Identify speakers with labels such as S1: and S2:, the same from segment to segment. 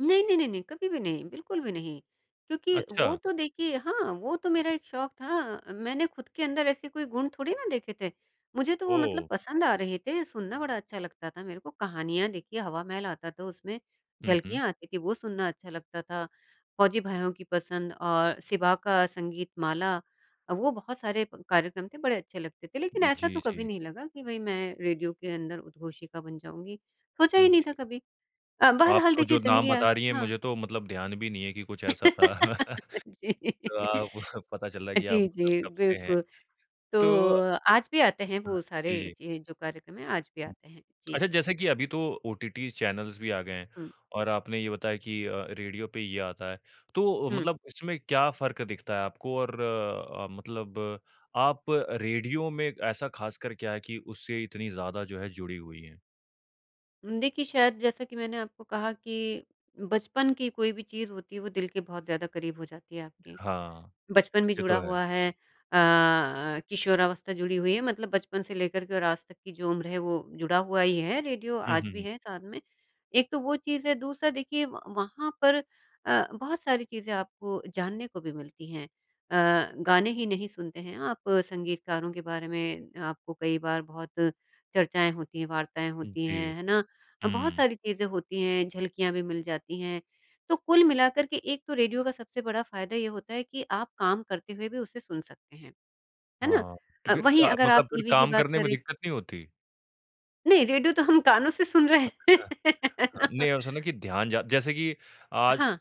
S1: नहीं, नहीं, नहीं, नहीं, कभी भी नहीं, बिल्कुल भी नहीं। क्योंकि वो
S2: अच्छा।
S1: तो, देखिए, हाँ, वो तो मेरा एक शौक था मैंने खुद के अंदर ऐसे कोई गुण थोड़ी ना देखे थे। मुझे तो वो मतलब
S2: ओह!
S1: पसंद आ रहे थे, सुनना बड़ा अच्छा लगता था मेरे को। कहानियाँ, देखिए, हवामहल आता था उसमें,
S2: हुँ, हुँ।
S1: झलकियाँ आती थी, वो सुनना अच्छा लगता था। फौजी भाइयों की पसंद और शिवा का संगीत माला, वो बहुत सारे प कार्यक्रम थे, बड़े अच्छे लगते थे। लेकिन ऐसा तो
S2: जी,
S1: कभी
S2: जी।
S1: नहीं लगा कि भई, मैं रेडियो के अंदर उद्घोषिका बन जाऊँगी। सोचा ही नहीं
S2: जी।
S1: था कभी अ,
S2: आप
S1: बहरहाल
S2: तो
S1: देखिए,
S2: जो नाम
S1: ज़िंदगियाँ
S2: बता रही हैं,
S1: हाँ।
S2: मुझे तो मतलब ध्यान भी नहीं है कि कुछ ऐसा था।
S1: जी।
S2: अ, पता चल रहा है
S1: अ,
S2: कि आप
S1: जी,
S2: मतलब
S1: जी,
S2: कब से हैं।
S1: बिल्कुल। तो
S2: तो
S1: आज भी आते हैं
S2: हाँ।
S1: वो सारे,
S2: जी, जी।
S1: ये जो कार्यक्रम हैं, आज भी आते हैं। जी।
S2: अच्छा, जैसा कि अभी तो ओटीटी चैनल्स भी आ गए हैं,
S1: हुँ।
S2: और आपने ये बताया कि अ, रेडियो पे ये आता है। तो
S1: हुँ।
S2: मतलब इसमें क्या फ़र्क दिखता है आपको और अ, मतलब आप रेडियो में ऐसा खासकर क्या है कि उससे इतनी ज़्यादा, जो है, जुड़ी हुई हैं?
S1: उम, देखिए, शायद जैसा कि मैंने आपको कहा कि बचपन की कोई भी चीज़ होती है, वो दिल के बहुत ज़्यादा करीब हो जाती है आपके।
S2: हाँ।
S1: बचपन भी
S2: ये
S1: जुड़ा
S2: तो है।
S1: हुआ है अ अ, किशोरावस्था जुड़ी हुई है। मतलब बचपन से लेकर के और आज तक की जो उम्र है, वो जुड़ा हुआ ही है रेडियो
S2: हुँ,
S1: आज
S2: हुँ,
S1: भी
S2: हुँ।
S1: है साथ में एक तो वो चीज़ है, दूसरा, देखिए, व वहाँ पर अ, बहुत सारी चीज़ें आपको जानने को भी मिलती हैं। अ, गाने ही नहीं सुनते हैं आप, संगीतकारों के बारे में आपको कई बार बहुत चर्चाएँ होती हैं, वार्ताएँ होती
S2: जी।
S1: हैं। है ना? अ, बहुत
S2: हुँ।
S1: सारी चीज़ें होती हैं, झलकियाँ भी मिल जाती हैं। तो कुल मिलाकर के एक तो रेडियो का सबसे बड़ा फ़ायदा ये होता है कि आप काम करते हुए भी उसे सुन सकते हैं। है ना?
S2: हाँ, तो
S1: अ,
S2: फिर
S1: वहीं
S2: अ,
S1: अगर
S2: मतलब
S1: आप
S2: फिर
S1: टीवी की
S2: काम
S1: बात
S2: करने में
S1: करें
S2: दिक्कत नहीं होती?
S1: नहीं, रेडियो तो हम कानों से सुन रहे हैं।
S2: अच्छा।
S1: है
S2: हाँ
S1: ना?
S2: नहीं, ऐसा है ना कि ध्यान जा जैसे कि आज
S1: हाँ।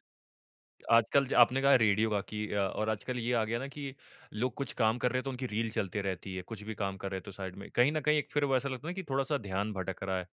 S2: आजकल ज आपने कहा, रेडियो बाकी अ, और आजकल ये आ गया ना कि लोग कुछ काम कर रहे, तो उनकी रील चलते रहती है। कुछ भी काम कर रहे हैं, तो साइड में कहीं न कहीं एक फिर वो ऐसा लगता है ना कि थोड़ा-सा ध्यान भटक रहा है।